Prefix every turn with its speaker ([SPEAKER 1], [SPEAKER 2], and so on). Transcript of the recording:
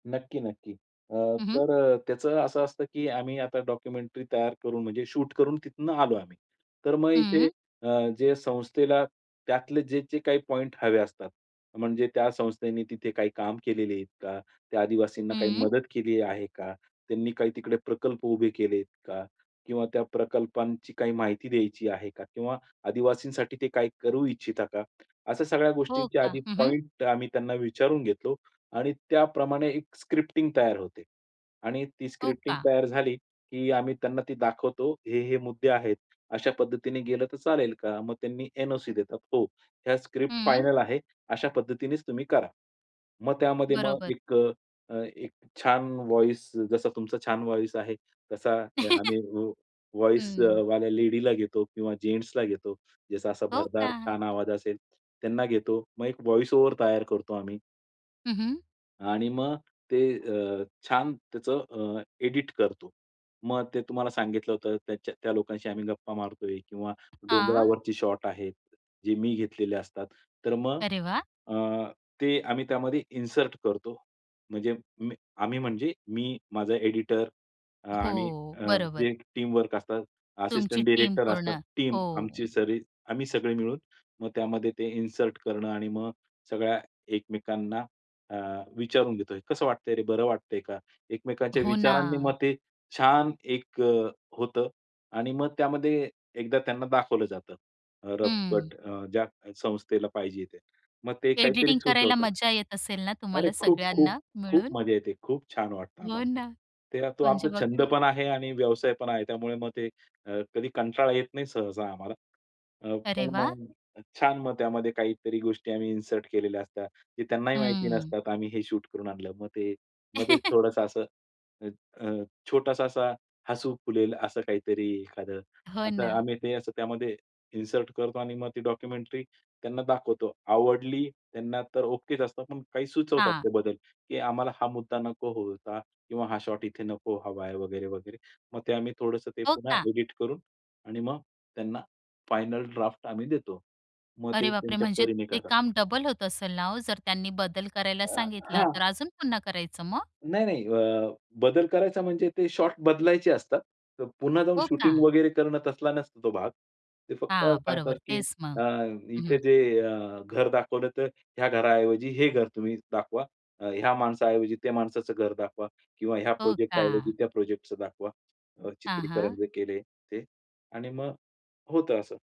[SPEAKER 1] नक्की नक्की. अ,
[SPEAKER 2] हं, हं.
[SPEAKER 1] तर अ, त्याचं असं असतं की आम्ही आता डॉक्युमेंटरी तयार करून म्हणजे शूट करून तिथनं आलो आम्ही. तर मग इथे
[SPEAKER 2] हं.
[SPEAKER 1] अ, जे संस्थेला त्यातले जे-जे काही पॉइंट हवे असतात म्हणजे त्या संस्थेने तिथे काही काम केलेली आहेत का? त्या आदिवासींना काही
[SPEAKER 2] हं.
[SPEAKER 1] मदत केली आहे का? त्यांनी काही तिकडे प्रकल्प उभे केलेत का? किंवा त्या प्रकल्पांची काही माहिती द्यायची आहे का? किंवा आदिवासींसाठी ते काही करू इच्छिता का? अशा सगळ्या
[SPEAKER 2] हो
[SPEAKER 1] गोष्टींची
[SPEAKER 2] का?
[SPEAKER 1] आधी
[SPEAKER 2] हं, हं.
[SPEAKER 1] पॉइंट आम्ही त्यांना विचारून घेतलो. आणि त्याप्रमाणे एक स्क्रिप्टिंग तयार होते. आणि ती
[SPEAKER 2] हो
[SPEAKER 1] स्क्रिप्टिंग
[SPEAKER 2] का?
[SPEAKER 1] तयार झाली की आम्ही त्यांना ती दाखवतो. हे हे मुद्दे आहेत. अशा पद्धतीने गेलं तर चालेल का? मग त्यांनी एन-ओ-सी देतात. हो. या स्क्रिप्ट
[SPEAKER 2] हं.
[SPEAKER 1] फायनल आहे अशा पद्धतीनेच तुम्ही करा. मग त्यामध्ये मग
[SPEAKER 2] बरोबर.
[SPEAKER 1] एक अ, एक छान व्हॉईस जसा तुमचा छान व्हॉईस आहे तसा अ, आम्ही
[SPEAKER 2] हं.
[SPEAKER 1] व्हॉईसवाल्या लेडीला घेतो किंवा जेन्ट्सला घेतो. ज्याचा असा
[SPEAKER 2] हो
[SPEAKER 1] भरदार
[SPEAKER 2] का?
[SPEAKER 1] छान आवाज असेल त्यांना घेतो. मग एक व्हॉईस ओव्हर तयार करतो आम्ही
[SPEAKER 2] हं, हं.
[SPEAKER 1] आणि मग ते अ, छान त्याचं अ, एडिट करतो. मग ते तुम्हाला सांगितलं होतं, त्याच्या त्या लोकांशी आम्ही गप्पा मारतोय किंवा
[SPEAKER 2] हां.
[SPEAKER 1] डोंगरावरची शॉट आहे. जे मी घेतलेले असतात. तर मग
[SPEAKER 2] अरे वाह!
[SPEAKER 1] अ, ते आम्ही त्यामध्ये इन्सर्ट करतो. म्हणजे मी आम्ही म्हणजे मी, माझा एडिटर आणि
[SPEAKER 2] हो.
[SPEAKER 1] अ,
[SPEAKER 2] बरोबर.
[SPEAKER 1] जे टीमवर्क असतात,
[SPEAKER 2] तुमची
[SPEAKER 1] असिस्टंट
[SPEAKER 2] टीम
[SPEAKER 1] डायरेक्टर असतात.
[SPEAKER 2] पूर्ण.
[SPEAKER 1] टीम
[SPEAKER 2] हो.
[SPEAKER 1] आमची सरी आम्ही सगळे मिळून मग त्यामध्ये ते इन्सर्ट करणं आणि मग सगळ्या एकमेकांना अ, विचारून घेतोय. "कसं वाटतंय रे? बरं वाटतंय का?" एकमेकांच्या
[SPEAKER 2] हो
[SPEAKER 1] विचारांनी
[SPEAKER 2] ना.
[SPEAKER 1] मग ते छान एक अ, होतं. आणि मग त्यामध्ये एकदा त्यांना दाखवलं जातं. अ, रफ
[SPEAKER 2] हं.
[SPEAKER 1] कट अ, ज्या संस्थेला पाहिजे ते. मग ते काहीतरी
[SPEAKER 2] एडिटिंग करायला
[SPEAKER 1] सुचवतात.
[SPEAKER 2] मजा येत असेल ना,
[SPEAKER 1] अरे!
[SPEAKER 2] तुम्हाला
[SPEAKER 1] खूप, खूप,
[SPEAKER 2] सगळ्यांना
[SPEAKER 1] खूप
[SPEAKER 2] मिळून?
[SPEAKER 1] मजा येते. खूप छान वाटतं
[SPEAKER 2] हो
[SPEAKER 1] आम्हाला.
[SPEAKER 2] ना.
[SPEAKER 1] ते तो
[SPEAKER 2] म्हणजे
[SPEAKER 1] आमचा
[SPEAKER 2] बघा
[SPEAKER 1] छंद
[SPEAKER 2] ना.
[SPEAKER 1] पण आहे आणि व्यवसाय पण आहे. त्यामुळे मग ते अ, कधी कंटाळा येत नाही सहसा आम्हाला. अ,
[SPEAKER 2] अरे
[SPEAKER 1] पण अ,
[SPEAKER 2] वाह!
[SPEAKER 1] मग छान मग त्यामध्ये काहीतरी गोष्टी आम्ही इन्सर्ट केलेल्या असतात. ते त्यांनाही माहिती
[SPEAKER 2] हं.
[SPEAKER 1] नसतात आम्ही हे शूट करून आणलं. मग ते मध्येच थोडंसं असं अ, अ, छोटासा असा हसू फुलेल असं काहीतरी एखादं
[SPEAKER 2] हो
[SPEAKER 1] असं
[SPEAKER 2] ना.
[SPEAKER 1] आम्ही ते असं त्यामध्ये इन्सर्ट करतो आणि मग ते डॉक्युमेंटरी त्यांना दाखवतो. आवडली त्यांना तर ओकेच असतं. पण काही सुचवतात
[SPEAKER 2] हां.
[SPEAKER 1] ते बदल की आम्हाला हा मुद्दा नको होता किंवा हा शॉट इथे नको हवा आहे वगैरे वगैरे. मग ते आम्ही थोडंसं ते
[SPEAKER 2] हो
[SPEAKER 1] पुन्हा
[SPEAKER 2] का?
[SPEAKER 1] एडिट करून आणि मग त्यांना फायनल ड्राफ्ट आम्ही देतो. मग ते
[SPEAKER 2] अरे बाप रे!
[SPEAKER 1] त्यांच्या
[SPEAKER 2] म्हणजे
[SPEAKER 1] परीने
[SPEAKER 2] ते
[SPEAKER 1] करतात.
[SPEAKER 2] काम डबल होत असेल ना ओ, जर त्यांनी बदल करायला सांगितला
[SPEAKER 1] हां.
[SPEAKER 2] तर अजून पुन्हा करायचं मग?
[SPEAKER 1] नाही नाही. अ, बदल करायचा म्हणजे ते शॉट बदलायचे असतात. तर पुन्हा जाऊन
[SPEAKER 2] हो का?
[SPEAKER 1] शूटिंग वगैरे करणं तसला नसतो तो भाग. ते फक्त
[SPEAKER 2] हां.
[SPEAKER 1] सांगतात
[SPEAKER 2] बरोबर.
[SPEAKER 1] की
[SPEAKER 2] तेच मग.
[SPEAKER 1] अ,
[SPEAKER 2] हं,
[SPEAKER 1] इथे
[SPEAKER 2] हं.
[SPEAKER 1] जे अ, घर दाखवलं तर ह्या घराऐवजी हे घर तुम्ही दाखवा. अ, ह्या माणसाऐवजी त्या माणसाचं घर दाखवा किंवा ह्या
[SPEAKER 2] हो
[SPEAKER 1] प्रोजेक्ट ऐवजी
[SPEAKER 2] का?
[SPEAKER 1] त्या प्रोजेक्टचं दाखवा अ,
[SPEAKER 2] हां,
[SPEAKER 1] चित्रीकरण
[SPEAKER 2] हां.
[SPEAKER 1] जे केले ते आणि मग होतं असं.